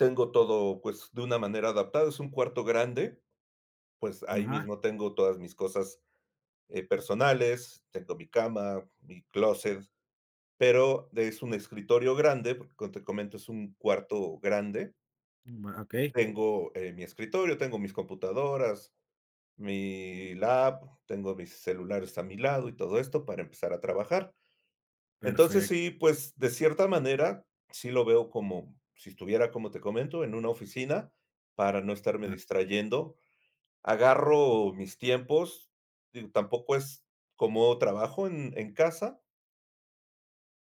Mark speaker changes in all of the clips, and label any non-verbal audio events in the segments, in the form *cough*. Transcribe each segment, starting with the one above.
Speaker 1: Tengo todo, pues, de una manera adaptada, es un cuarto grande, pues, ahí
Speaker 2: Ajá.
Speaker 1: mismo tengo todas mis cosas, eh, personales, tengo mi cama, mi clóset, pero de es un escritorio grande porque, como te comento, es un cuarto grande.
Speaker 2: Okey.
Speaker 1: Tengo, eh, mi escritorio, tengo mis computadoras, mi lap, tengo mis celulares a mi lado y todo esto para empezar a trabajar. Entonces,
Speaker 2: Perfecto.
Speaker 1: sí, pues, de cierta manera, sí lo veo como si estuviera, como te comento, en una oficina. Para no estarme
Speaker 2: Claro.
Speaker 1: distrayendo, agarro mis tiempos, digo, tampoco es como trabajo en en casa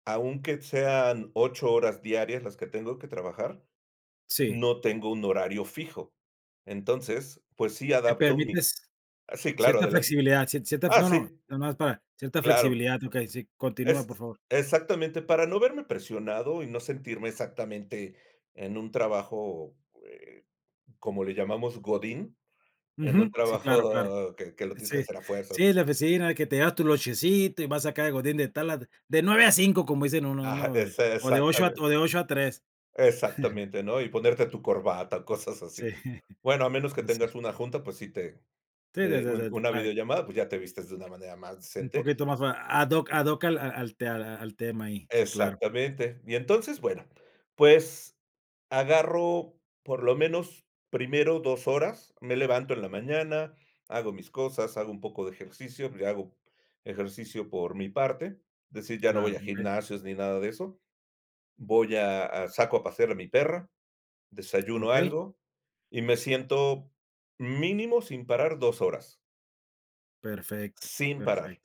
Speaker 1: aunque sean 8 horas diarias las que tengo que trabajar,
Speaker 2: Sí.
Speaker 1: no tengo un horario fijo. Entonces, pues, sí
Speaker 2: Te
Speaker 1: adapto mi
Speaker 2: permites
Speaker 1: Sí, claro,
Speaker 2: cierta
Speaker 1: adelante.
Speaker 2: flexibilidad, cier cierta
Speaker 1: Ah,
Speaker 2: no, no,
Speaker 1: sí.
Speaker 2: nada más para cierta
Speaker 1: Claro.
Speaker 2: flexibilidad. Okey, sí, continúa por
Speaker 1: Ex
Speaker 2: favor.
Speaker 1: exactamente. Para no verme presionado, y no sentirme exactamente en un trabajo, eh, como le llamamos, godín. En un
Speaker 2: Ujú, sí, claro, claro.
Speaker 1: trabajo que que lo tienes que
Speaker 2: Sí.
Speaker 1: hacer a
Speaker 2: Sí,
Speaker 1: fuerzas.
Speaker 2: la oficina que te llevas tu lonchecito y vas a sacar el godín de tal a de 9 a 5, como dicen uno, ¿no?
Speaker 1: Ajá,
Speaker 2: O de
Speaker 1: ese
Speaker 2: o, de 8
Speaker 1: exactamen
Speaker 2: o, de 8 a 3. *chuckles*
Speaker 1: Exactamente, ¿no? Y ponerte tu corbata, o, cosas
Speaker 2: Sí.
Speaker 1: así.
Speaker 2: *chuckles*
Speaker 1: Bueno, a menos que
Speaker 2: No, sí.
Speaker 1: tengas una junta, pues, sí te
Speaker 2: Sí, sí,
Speaker 1: de un
Speaker 2: sí, sí,
Speaker 1: una
Speaker 2: claro.
Speaker 1: videollamada, pues, ya te vistes de una manera más
Speaker 2: Un
Speaker 1: decente.
Speaker 2: poquito más ad hoc ad hoc al al al te al tema ahí. Sí, claro.
Speaker 1: Exactamente. Y entonces, bueno, pues, agarro por lo menos, primero 2 horas. Me levanto en la mañana, hago mis cosas, hago un poco de ejercicio, le hago ejercicio por mi parte, es decir, ya no
Speaker 2: Claro,
Speaker 1: voy a
Speaker 2: okey.
Speaker 1: gimnasios ni nada de eso, voy a a saco a pasear a mi perra, desayuno
Speaker 2: Okey.
Speaker 1: algo, y me siento mínimo sin parar 2 horas.
Speaker 2: Perfecto,
Speaker 1: Sin
Speaker 2: perfecto.
Speaker 1: parar,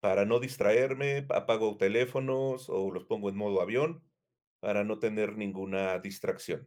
Speaker 1: para no distraerme, apago teléfonos, o, los pongo en modo avión para no tener ninguna distracción.